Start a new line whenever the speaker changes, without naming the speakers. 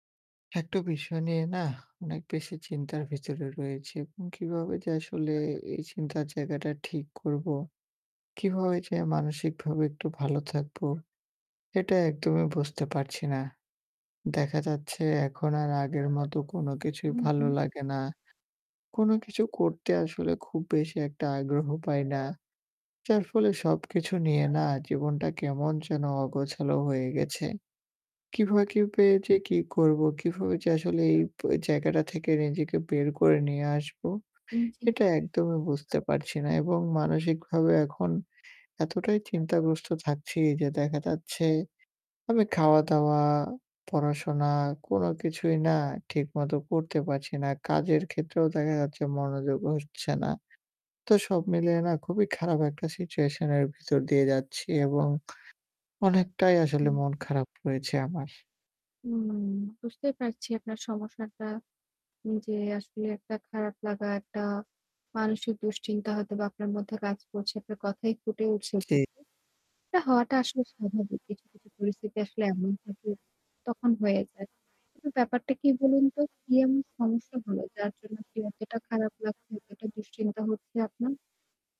একটা বিষয় নিয়ে না অনেক বেশি চিন্তার ভিতরে রয়েছি। এবং কিভাবে যে আসলে এই চিন্তার জায়গাটা ঠিক করব, কিভাবে যে মানসিকভাবে একটু ভালো থাকব, এটা একদমই বুঝতে পারছি না। দেখা যাচ্ছে এখন আর আগের মতো কোন কিছুই
হু,
ভালো
হু।
লাগে না। কোন কিছু করতে আসলে খুব বেশি একটা আগ্রহ পাই না। যার ফলে সব কিছু নিয়ে না জীবনটা কেমন যেন অগোছালো হয়ে গেছে। কিভাবে কি পেয়েছি কি করব কিভাবে যে আসলে এই ব জায়গাটা থেকে নিজেকে বের করে নিয়ে আসবো।
উ জী।
এটা একদমই বুঝতে পারছি না। এবং মানসিকভাবে এখন এতটাই চিন্তাগ্রস্ত থাকছি যে দেখা যাচ্ছে আমি খাওয়া-দাওয়া, পড়া-শোনা কোন কিছুই না ঠিক মতো করতে পারছি না। কাজের ক্ষেত্রেও দেখা যাচ্ছে মনোযোগ হচ্ছে না। তো সব মিলিয়ে না খুবই খারাপ একটা সিচুয়েশন এর ভিতর দিয়ে যাচ্ছি। এবং অনেকটাই আসলে
হুম।
মন খারাপ হয়েছে আমার।
উম বুঝতেই পারছি আপনার সমস্যাটা। যে আসলে একটা খারাপ লাগা একটা, মানসিক দুশ্চিন্তা হয়তোবা আপনার মধ্যে কাজ করছে আপনার কথায়ই ফুটে উঠেছে।
জি।
এটা হওয়াটা আসলে স্বাভাবিক। কিছু, কিছু পরিস্থিতি আসলে এমন থাকে তখন হয়ে যায়। কিন্তু ব্যাপারটা কি বলুন তো? কি এমন সমস্যা হলো যার জন্য কি এতটা খারাপ লাগছে এতটা দুশ্চিন্তা হচ্ছে আপনার?